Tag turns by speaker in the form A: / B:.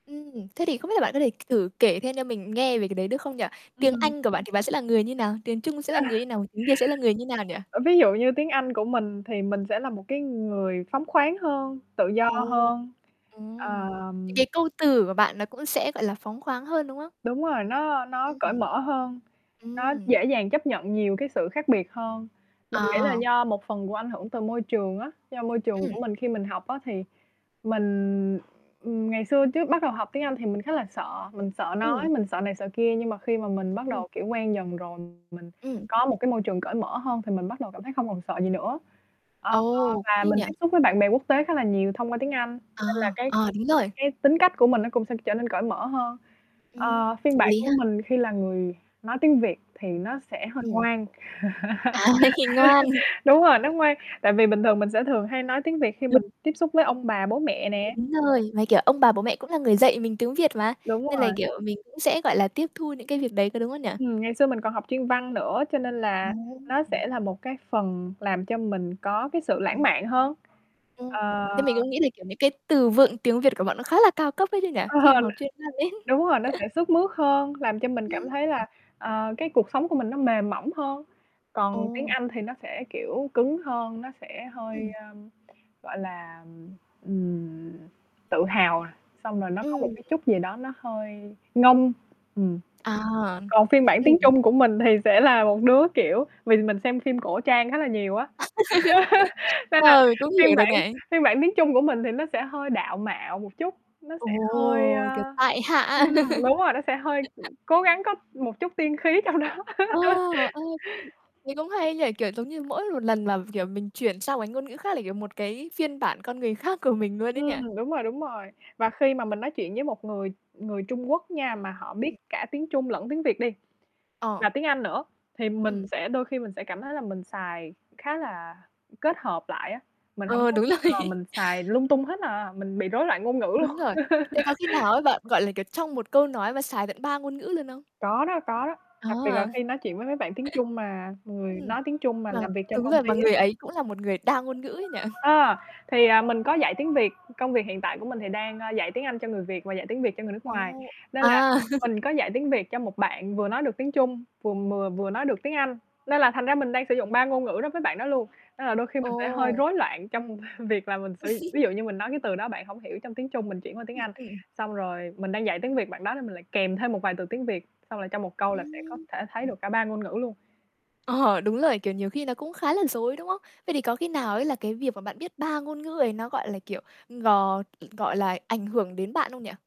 A: Ừm. Thế thì không biết là bạn có thể thử kể thêm cho mình nghe về cái đấy, được không nhỉ?
B: Ừm
A: Tiếng
B: hưm.
A: Anh của bạn thì bạn sẽ là người như nào? Tiếng Trung sẽ là người như nào, tiếng Việt sẽ là người như nào nhỉ?
B: Ơ, ví dụ như tiếng Anh của mình, thì mình sẽ là một cái người phóng khoáng hơn, tự do
A: Ồ!
B: hơn.
A: Ừm.
B: À
A: Những cái câu từ của bạn nó cũng sẽ, gọi là, phóng khoáng hơn, đúng không?
B: Đúng rồi, nó nó
A: Ừm,
B: cởi
A: ừm.
B: mở hơn, nó
A: Ừm.
B: dễ dàng chấp nhận nhiều cái sự khác biệt hơn. Mình nghĩ là
A: À.
B: do một phần của ảnh hưởng từ môi trường á, do môi trường
A: Ừm.
B: của mình khi mình học á, thì, mình, ừm, ngày xưa trước bắt đầu học tiếng Anh thì mình khá là sợ, mình sợ nói,
A: Ừm.
B: mình sợ này, sợ kia nhưng mà khi mà mình bắt
A: Ừm.
B: đầu, kiểu, quen dần rồi, mình
A: Ừm.
B: có một cái môi trường cởi mở hơn thì mình bắt đầu cảm thấy không còn sợ gì nữa. Ờ,
A: Ồ,
B: và
A: hay
B: mình
A: nhỉ?
B: tiếp xúc với bạn bè quốc tế khá là nhiều thông qua tiếng Anh,
A: Ờ,
B: nên là cái
A: ờ, đúng rồi!
B: cái tính cách của mình nó cũng sẽ trở nên cởi mở hơn.
A: Ừm,
B: Ờ, phiên
A: hợp
B: bản
A: lý
B: của
A: ha.
B: mình khi là người nói tiếng Việt, thì, nó sẽ hơi
A: Ừm.
B: ngoan.
A: À, này thì ngoan.
B: Đúng rồi, nó ngoan. Tại vì bình thường mình sẽ thường hay nói tiếng Việt khi mình
A: [unintelligible]
B: tiếp xúc với ông bà bố mẹ nè.
A: Đúng rồi, mà, kiểu, ông bà bố mẹ cũng là người dạy mình tiếng Việt mà,
B: Đúng
A: nên là,
B: rồi.
A: kiểu, mình cũng sẽ, gọi là, tiếp thu những cái việc đấy, có đúng không nhỉ?
B: Ừm, ngày xưa mình còn học chuyên văn nữa, cho nên là,
A: Ừm.
B: nó sẽ là một cái phần làm cho mình có cái sự lãng
A: Ừm.
B: mạn hơn.
A: Ừm.
B: Ờ
A: Thế mình cũng nghĩ là, kiểu, những cái từ vựng tiếng Việt của bạn nó khá là cao cấp ấy chứ nhỉ?
B: Ừ.
A: Khi mà học chuyên văn ấy.
B: Đúng rồi, nó sẽ sướt mướt hơn, làm cho mình
A: Ừm.
B: cảm thấy là, ờ, cái cuộc sống của mình nó mềm mỏng hơn. Còn tiếng
A: Ồ.
B: Anh thì nó sẽ, kiểu, cứng hơn, nó sẽ hơi,
A: Ừm.
B: ờ, gọi là, ừm, tự hào, xong rồi nó có một
A: Ừm.
B: cái chút gì đó nó hơi ngông, ừm.
A: À,
B: Còn phim bản tiếng
A: ừm.
B: Trung của mình thì sẽ là một đứa, kiểu, vì mình xem phim cổ trang khá là nhiều á. Nên là
A: Ừ, cũng
B: phiên
A: hiểu được
B: bản
A: bạn.
B: phiên bản tiếng Trung của mình thì nó sẽ hơi đạo mạo một chút, nó
A: Ồ,
B: sẽ hơi,
A: kiểu,
B: à
A: tại hạ.
B: ừm, đúng rồi, nó sẽ hơi, cố gắng có một chút tiên khí trong đó.
A: Ồ! Ơi. Thấy cũng hay ấy nhỉ, kiểu, giống như mỗi một lần, mà, kiểu, mình chuyển sang một cái ngôn ngữ khác là ,kiểu, một cái phiên bản con người khác của mình luôn ấy nhỉ?
B: Ừm, đúng rồi, đúng rồi. Và khi mà mình nói chuyện với một người người Trung Quốc nha mà họ biết
A: Ừm.
B: cả tiếng Trung lẫn tiếng Việt đi,
A: Ờ.
B: và tiếng Anh nữa, thì mình
A: Ừm.
B: sẽ đôi khi mình sẽ cảm thấy là mình xài khá là, kết hợp lại á, mình hổng
A: Ờ,
B: có
A: đúng rồi.
B: ờ, mình xài lung tung hết à, mình bị rối loạn ngôn ngữ luôn.
A: Đúng rồi. Thế có khi nào á, bạn, gọi là, kiểu, trong một câu nói mà xài tận 3 ngôn ngữ luôn không?
B: Có đó, có đó. Đặc
A: Có
B: biệt là
A: à?
B: khi nói chuyện với mấy bạn tiếng Trung mà người
A: Ừm.
B: nói tiếng Trung, mà
A: Mà
B: làm việc trong
A: đúng
B: công
A: rồi,
B: ty
A: mà
B: á.
A: người ấy cũng là một người đa ngôn ngữ ấy nhỉ?
B: A! Thì, à, mình có dạy tiếng Việt, công việc hiện tại của mình thì đang, a, dạy tiếng Anh cho người Việt và dạy tiếng Việt cho người nước ngoài.
A: Ồ!
B: Nên là,
A: À.
B: mình có dạy tiếng Việt cho một bạn vừa nói được tiếng Trung, vừa mừa vừa nói được tiếng Anh, nên là thành ra mình đang sử dụng 3 ngôn ngữ đối với bạn đó luôn, nên là đôi khi mình sẽ hơi
A: Ồ!
B: rối loạn trong việc là mình sử d ví dụ như mình nói cái từ đó bạn hổng hiểu trong tiếng Trung mình chuyển qua tiếng
A: Ừm,
B: Anh,
A: ừm, ừm.
B: xong rồi, mình đang dạy tiếng Việt bạn đó nên mình lại kèm thêm một vài từ tiếng Việt, xong là trong một câu là sẽ có
A: Ừm.
B: thể thấy được cả 3 ngôn ngữ luôn.
A: Ờ, đúng rồi! Kiểu, nhiều khi nó cũng khá là rối, đúng không? Vậy thì có khi nào ấy là cái việc mà bạn biết 3 ngôn ngữ ấy, nó gọi là, kiểu, ừm, gò ừm, gọi là, ảnh hưởng đến bạn không nhỉ?